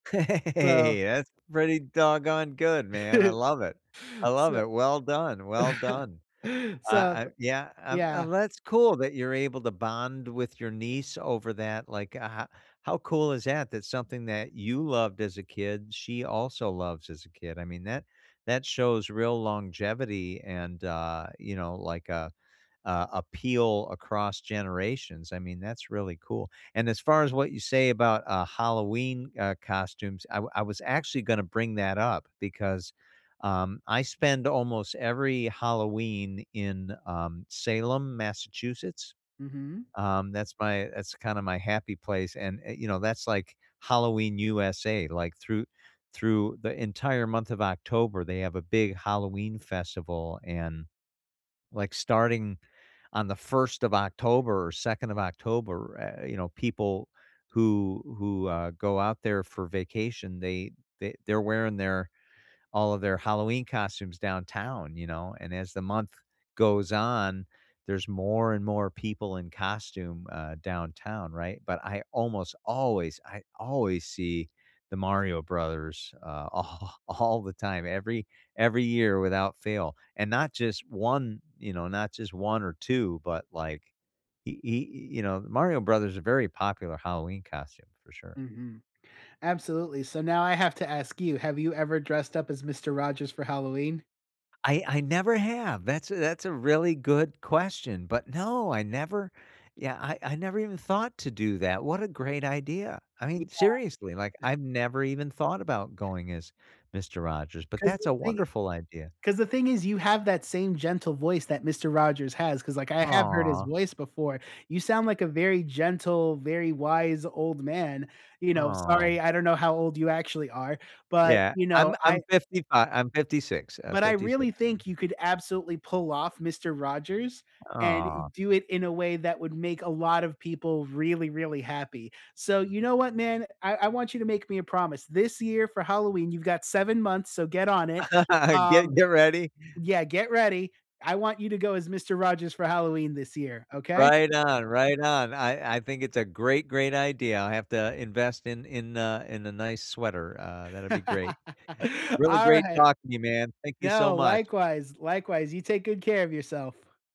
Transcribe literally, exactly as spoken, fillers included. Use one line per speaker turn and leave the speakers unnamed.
So
Hey, that's pretty doggone good, man, I love it, I love
So
it. Well done, well done. Uh
So
I yeah, um,
yeah.
and that's cool that you're able to bond with your niece over that, like, ho how cool is that, that something that you loved as a kid, she also loves as a kid, I mean, that that shows real longevity and, uh, you know, like, uh, uh, appeal across generations. I mean, that's really cool. And as far as what you say about, uh, Halloween, uh, costumes, I wa I was actually gonna bring that up because, um, I spend almost every Halloween in, um, Salem, Massachusetts.
Mhm.
Um, that's my that's kinda my happy place, and, eh, you know, that's like Halloween, USA, like, through through the entire month of October, they have a big Halloween festival, and, like starting on the first of October or second of October, eh, e you know, people who who, uh, go out there for vacation they th they're wearing their, all of their Halloween costumes downtown, you know, and as the month goes on, there's more and more people in costume, uh, downtown, right, but I almost always, I always see the Mario Brothers, uh, all all the time, every every year without fail, and not just one, you know, not just one or two, but, like y y you know, Mario Brothers is very popular Halloween costume for sure.
Mhm, absolutely, so now I have to ask you, have you ever dressed up as Mister Rogers for Halloween?
I I never have, that's a that's a really good question, but no, I never yeah, I I never even thought to do that, what a great idea. I
Yeah.
mean, seriously, like, I've never even thought about going as Mister Rogers, but
'Cause
that's
the
a
thing
wonderful idea.
'cause the thing is you have that same gentle voice that Mister Rogers has 'cause, like, I have heard his
Aw.
voice before. You sound like a very gentle, very wise old man, you know, sorry,
Aw.
I don't know how old you actually are, but,
Yeah,
you
I'm
know, I
I'm fifty-five I'm fifty-six, uh,
but I
fifty-six,
really
so
think you could absolutely pull off Mister Rogers and
Aw.
do it in a way that would make a lot of people really, really happy, so you know what, man, I I want you to make me a promise this year for Halloween you've got seven months, so get on it, um
Get get ready.
Yeah, get ready. I want you to go as Mister Rogers for Halloween this year, okay?
Right on, right on. I I think it's a great, great idea. I'll have to invest in in a in a nice sweater, uh, that'd be great. Really great
Alright.
talking to you man, thank you so
No,
much.
likewise, likewise, you take good care of yourself.